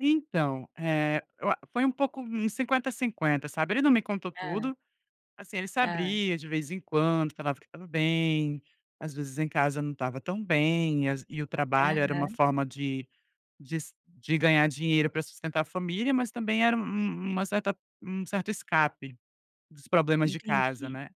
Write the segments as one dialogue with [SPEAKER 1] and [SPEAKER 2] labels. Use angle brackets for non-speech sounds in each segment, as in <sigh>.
[SPEAKER 1] Então, eh, eu a foi um pouco uns 50, 50, sabe. Ele não me contou
[SPEAKER 2] Hã.
[SPEAKER 1] tudo, assim, ele se
[SPEAKER 2] Hã.
[SPEAKER 1] abria de vez em quando, falava que estava bem, às vezes em casa não estava tão bem, e as ve e o trabalho era uma
[SPEAKER 2] Aham.
[SPEAKER 1] forma de de se de ganhar dinheiro pra sustentar a família, mas também era um um uma certa um certo escape dos problemas de casa,
[SPEAKER 2] Entendi.
[SPEAKER 1] né.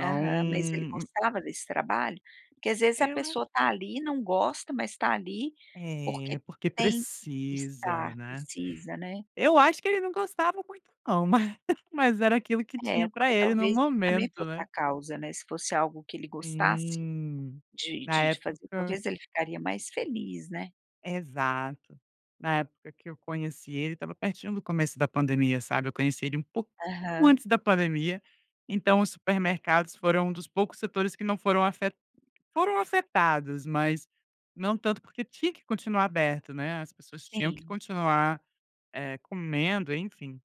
[SPEAKER 2] Aham, mas ele gostava desse trabalho? Porque às vezes a
[SPEAKER 1] Eu acho
[SPEAKER 2] pessoa tá ali, não gosta, mas tá ali
[SPEAKER 1] É,
[SPEAKER 2] porque
[SPEAKER 1] porque
[SPEAKER 2] tem que
[SPEAKER 1] precisa,
[SPEAKER 2] estar,
[SPEAKER 1] né.
[SPEAKER 2] precisa, né.
[SPEAKER 1] Eu acho que ele não gostava muito não, mas mas era aquilo que tinha
[SPEAKER 2] É,
[SPEAKER 1] pra
[SPEAKER 2] porque
[SPEAKER 1] ele no
[SPEAKER 2] talvez isso também
[SPEAKER 1] momento,
[SPEAKER 2] fosse
[SPEAKER 1] né?
[SPEAKER 2] a causa, né. Se fosse algo que ele gostasse
[SPEAKER 1] Sim.
[SPEAKER 2] de
[SPEAKER 1] Na
[SPEAKER 2] de fazer
[SPEAKER 1] época
[SPEAKER 2] talvez ele ficaria mais feliz, né.
[SPEAKER 1] Exato. Na época que eu conheci ele, estava pertinho do começo da pandemia, sabe. Eu conheci ele um po
[SPEAKER 2] Aham.
[SPEAKER 1] antes da pandemia. Então os supermercados foram um dos poucos setores que não foram foram afe foram afetados, mas não tanto, porque tinha que continuar aberto, né. As pessoas tinham que
[SPEAKER 2] Sim.
[SPEAKER 1] continuar, eh, comendo, enfim.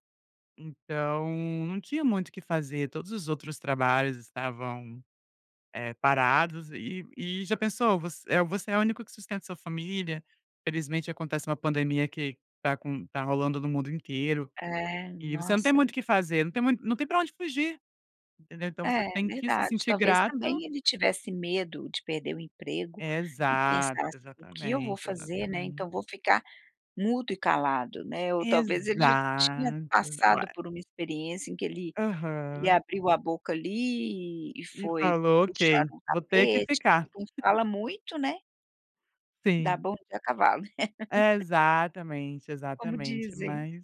[SPEAKER 1] Então, não tinha muito o que fazer, todos os outros trabalhos estavam, eh, parados. E e já pensou, voc eh, você é o único que sustenta sua família, infelizmente acontece uma pandemia que tá con tá rolando no mundo inteiro
[SPEAKER 2] É,
[SPEAKER 1] e você não tem
[SPEAKER 2] nossa.
[SPEAKER 1] muito o que fazer, não tem mui não tem pra onde fugir, entendeu. Então você
[SPEAKER 2] É,
[SPEAKER 1] tem que se
[SPEAKER 2] verdade,
[SPEAKER 1] sentir
[SPEAKER 2] talvez
[SPEAKER 1] grato.
[SPEAKER 2] também ele tivesse medo de perder o emprego e
[SPEAKER 1] Exato,
[SPEAKER 2] pensasse: "O que eu vou
[SPEAKER 1] exatamente,
[SPEAKER 2] fazer, né, então
[SPEAKER 1] exatamente.
[SPEAKER 2] vou ficar mudo e calado", né. Ou talvez ele já tinha
[SPEAKER 1] Exato.
[SPEAKER 2] passado por uma experiência em que ele ele
[SPEAKER 1] Aham.
[SPEAKER 2] abriu a boca ali e e
[SPEAKER 1] E
[SPEAKER 2] foi
[SPEAKER 1] falou
[SPEAKER 2] puxar
[SPEAKER 1] "Ok,
[SPEAKER 2] um
[SPEAKER 1] vou ter que
[SPEAKER 2] tapete,
[SPEAKER 1] ficar".
[SPEAKER 2] então
[SPEAKER 1] <chuckles>
[SPEAKER 2] fala muito, né. Dá
[SPEAKER 1] Sim.
[SPEAKER 2] bom dia a cavalo. <laughs>
[SPEAKER 1] Exatamente,
[SPEAKER 2] Como
[SPEAKER 1] exatamente.
[SPEAKER 2] dizem.
[SPEAKER 1] Mas